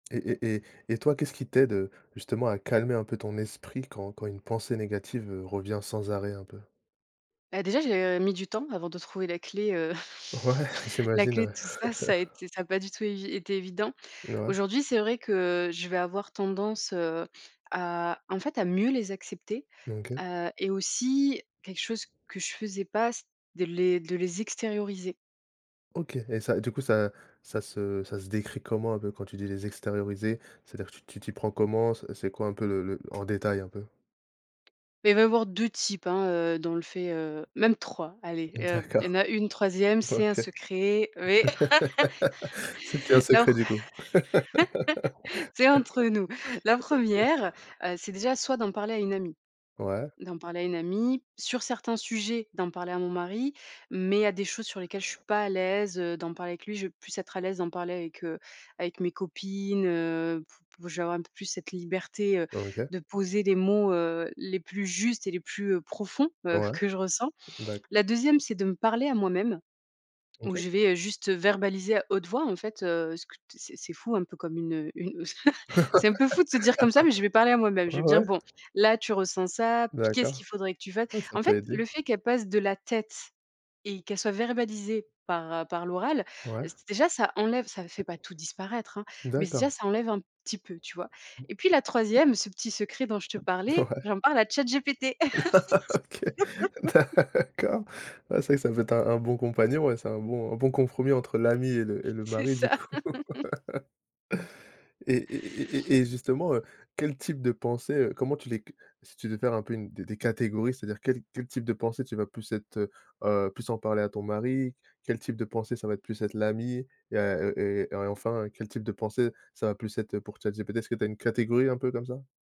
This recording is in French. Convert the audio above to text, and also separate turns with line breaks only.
Et et et et toi qu'est-ce qui t'aide, heu, justement à calmer un peu ton esprit quand quand une pensée négative, heu, revient sans arrêt un peu?
Bah, déjà, j'ai, heu, mis du temps avant de trouver la clé, heu,
Ouais,
la
j'imagine,
clé de
ouais.
tout ça, ça été ça a pas du tout évi été évident.
N ouais
Aujourd'hui, c'est vrai que je vais avoir tendance, heu, à, en fait, à mieux les accepter,
OK.
heu et aussi quelque chose que je faisais pas, c'est de les de les extérioriser.
OK et ça du coup ça ça se ça se décrit comment un peu? Quand tu dis: «les extérioriser», c'est-à-dire tu tu t'y prends comment? C'est c'est quoi un peu le le en détail un peu?
Beh, il va y avoir 2 types, hein, heu, dans le fait, heu, même 3. Allez,
Mmh
heu, il y en
d'accord.
a une 3e, c'est un
OK.
secret, oui.
C'est plus un
La pr
secret du coup? OK.
c'est entre nous. La 1re, heu, c'est déjà soit d'en parler à une amie.
Ouais.
D'en parler à une amie, sur certains sujets d'en parler à mon mari, mais il y a des choses sur lesquelles je suis pas à l'aise, heu, d'en parler avec lui, je vais plus être à l'aise d'en parler avec, heu, avec mes copines, heu, p p je vais avoir un peu plus cette liberté, heu,
OK.
de poser les mots, heu, les plus justes et les plus, heu, profonds, heu,
Ouais,
que je ressens.
d'accord.
La 2e, c'est de me parler à moi-même où
OK.
je vais, heu, juste verbaliser à haute voix, en fait, heu, ce que t c'est c'est fou, un peu comme une, heu, u c'est un peu fou de se dire comme ça, mais je vais parler à moi même. Je vais me dire:
Ouais.
«Bon, là, tu ressens ça. Qu'est-ce qu'il
D'accord.
faudrait que tu fasses?»
Ah, ça
en
peut
fait,
aider.
le fait qu'elle passe de la tête et qu'elle soit verbalisée par par l'oral,
Ouais.
j déjà ça enlève ça fait pas tout disparaître, hein, mais déjà
D'accord.
ça enlève un petit peu, tu vois?
Mmh.
Et puis la 3e, ce petit secret dont je te
Ouais.
parlais, j'en parle à ChatGPT.
OK, d'accord, ouais c'est vrai que ça peut être un un bon compagnon et c'est un bon un bon compromis entre l'amie et le et le
C'est
mari du
ça.
coup. Et et et et et et justement, heu, quel type de pensée, heu comment tu les c si tu devais faire un peu une des des catégories, c'est-à-dire quel quel type de pensée tu vas plus être, heu, heu, plus en parler à ton mari? Quel type de pensée ça va être plus être l'amie et à, heu, et et enfin quel type de pensée ça va plus être pour ChatGPT? Est-ce que tu as une catégorie un peu comme ça?